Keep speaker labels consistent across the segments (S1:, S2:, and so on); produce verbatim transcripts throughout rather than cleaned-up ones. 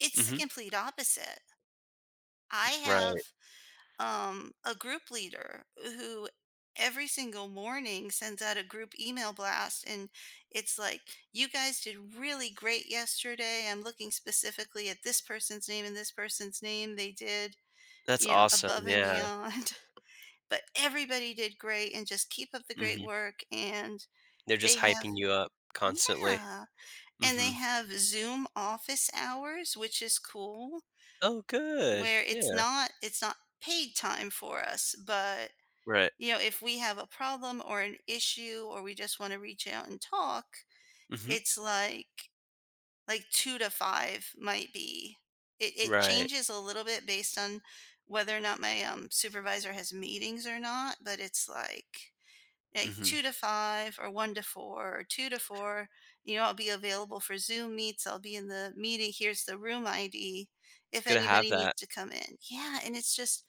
S1: It's the
S2: Mhm.
S1: complete opposite. I
S2: Right.
S1: have, um, a group leader, who every single morning sends out a group email blast, and it's like, "You guys did really great yesterday. I'm looking specifically at this person's name and this person's name. They did,
S2: That's
S1: you know,
S2: awesome,
S1: above and
S2: yeah.
S1: beyond, but everybody did great and just keep up the great
S2: Mhm.
S1: work," and
S2: They're just
S1: they have
S2: hyping you up constantly.
S1: yeah. And they
S2: Mhm.
S1: have Zoom office hours, which is cool.
S2: Oh, good.
S1: Where it's
S2: Yeah.
S1: not it's not paid time for us, but,
S2: Right.
S1: you know, if we have a problem or an issue or we just wanna reach out and talk,
S2: Mhm.
S1: it's like like two to five might be. It it
S2: Right.
S1: changes a little bit based on whether or not my, um, supervisor has meetings or not, but it's like like,
S2: Mhm.
S1: two to five or one to four or two to four. "You know, I'll be available for Zoom meets. I'll be in the meeting. Here's the room ID
S2: It's
S1: if
S2: good to have
S1: anybody needs
S2: that.
S1: to come in." Yeah. And it's just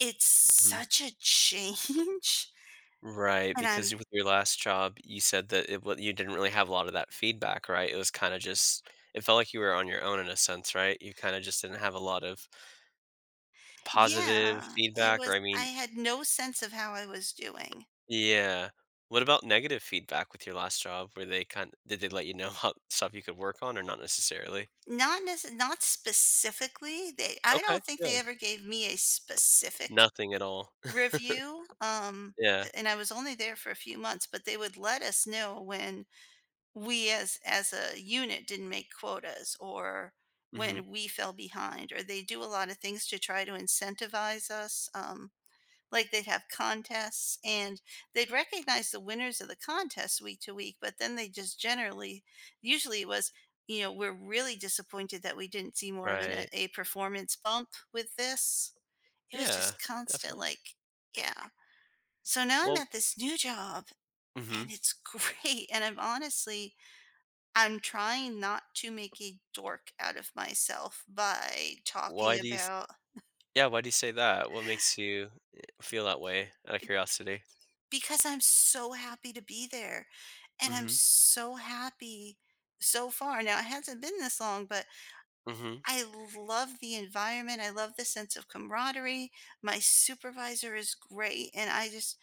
S1: it's
S2: Mhm.
S1: such a change
S2: Right,
S1: and
S2: because
S1: I'm
S2: you with your last job, you said that it wa you didn't really have a lotta that feedback, right? It was kinda just it felt like you were on your own in a sense, right? You kinda just didn't have a lot of positive
S1: Yeah. It
S2: feedback or,
S1: was
S2: I
S1: I
S2: mean
S1: had no sense of how I was doing.
S2: Yeah. What about negative feedback with your last job? Were they kind did they let you know how stuff you could work on or not necessarily?
S1: Not nece not specifically. They I
S2: Okay.
S1: don't think they
S2: Good.
S1: ever gave me a specific
S2: Nothing at all.
S1: review, um,
S2: Yeah.
S1: and I was only there for a few months, but they would let us know when we as as a unit didn't make quotas or
S2: Mhm.
S1: when we fell behind or they do a lotta things to try to incentivize us, um, like, they'd have contests and they'd recognize the winners of the contest week to week, but then they just generally usually it was, you know, we're really disappointed that we didn't see more of an
S2: Right.
S1: a performance bump with this. It was
S2: Yeah.
S1: just constant,
S2: Definitely.
S1: like, yeah. So now I'm
S2: Well
S1: at this new job,
S2: Mhm.
S1: and it's great, and I'm honestly I'm trying not to make a dork out of myself by talking
S2: Why do you s
S1: about
S2: yeah, why do you say that? What makes you, eh, feel that way out of
S1: eh, b
S2: curiosity?
S1: because I'm so happy to be there, and I'm
S2: Mhm.
S1: so happy so far. Now it hasn't been this long, but
S2: Mhm.
S1: I love the environment, I love the sense of camaraderie, my supervisor is great, and I just